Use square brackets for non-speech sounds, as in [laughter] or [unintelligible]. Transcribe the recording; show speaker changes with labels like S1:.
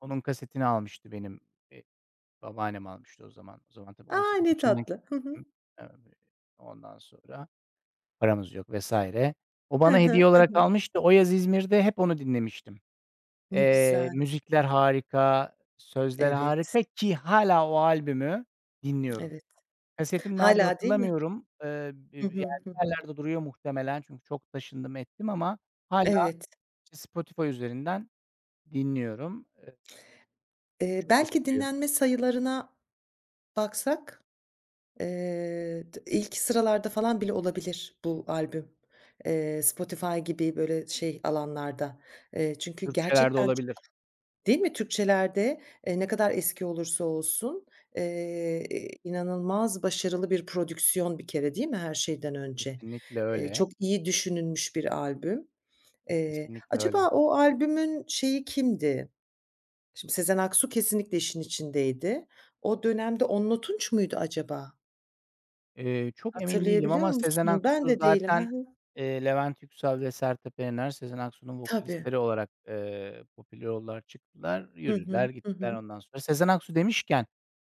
S1: Onun kasetini almıştı benim, eee, babaannem almıştı o zaman. O zaman tabii on
S2: A!
S1: sekiz
S2: Ne
S1: yaşındayım.
S2: tatlı. Hı hı.
S1: [unintelligible] Evet, ondan sonra paramız yok vs. O
S2: Hı
S1: bana hediye
S2: hı. Hı
S1: olarak
S2: hı.
S1: almıştı. O yaz İzmir'de hep onu dinlemiştim.
S2: Ne
S1: Eee,
S2: güzel.
S1: müzikler harika, sözler
S2: Evet.
S1: harika ki hâlâ o albümü dinliyorum.
S2: Evet.
S1: Kasetim nerede
S2: Hâlâ değil mi?
S1: hatırlamıyorum. Eee, bi bi
S2: Hı
S1: yani
S2: hı. Hı
S1: bir
S2: hı.
S1: yerlerde duruyor muhtemelen çünkü çok taşındım ettim ama hâlâ
S2: Evet.
S1: Spotify üzerinden dinliyorum. E Bir
S2: Eee,
S1: çok
S2: belki
S1: etkiliyor.
S2: dinlenme sayılarına baksak, eee, tı ilk sıralarda falan bile olabilir bu albüm, eee, Spotify gibi böyle şey alanlarda. Eee, çünkü
S1: Türkçelerde
S2: gerçekten çok
S1: olabilir.
S2: değil mi Türkçelerde, eee, ne kadar eski olursa olsun, eee, inanılmaz başarılı bir prodüksiyon bir kere değil mi her şeyden önce?
S1: Kesinlikle
S2: Eee,
S1: öyle.
S2: çok iyi düşünülmüş bir albüm. Eee,
S1: Kesinlikle
S2: acaba
S1: öyle.
S2: o albümün şeyi kimdi? Şimdi Sezen Aksu kesinlikle işin içindeydi. O dönemde Onno Tunç muydu acaba?
S1: Eee, çok emin değilim
S2: Hatırlayabiliyor
S1: ama Sezen
S2: musun? Ben
S1: Aksu
S2: de değilim. Hı
S1: zaten,
S2: hı.
S1: eee, Levent Yüksel ve Sertab Erener, Sezen Aksu'nun
S2: Tabii.
S1: vokalistleri olarak, eee, popüler oldular. Çıktılar,
S2: Hı
S1: yürüdüler,
S2: hı. Hı
S1: gittiler.
S2: hı.
S1: Ondan sonra Sezen Aksu demişken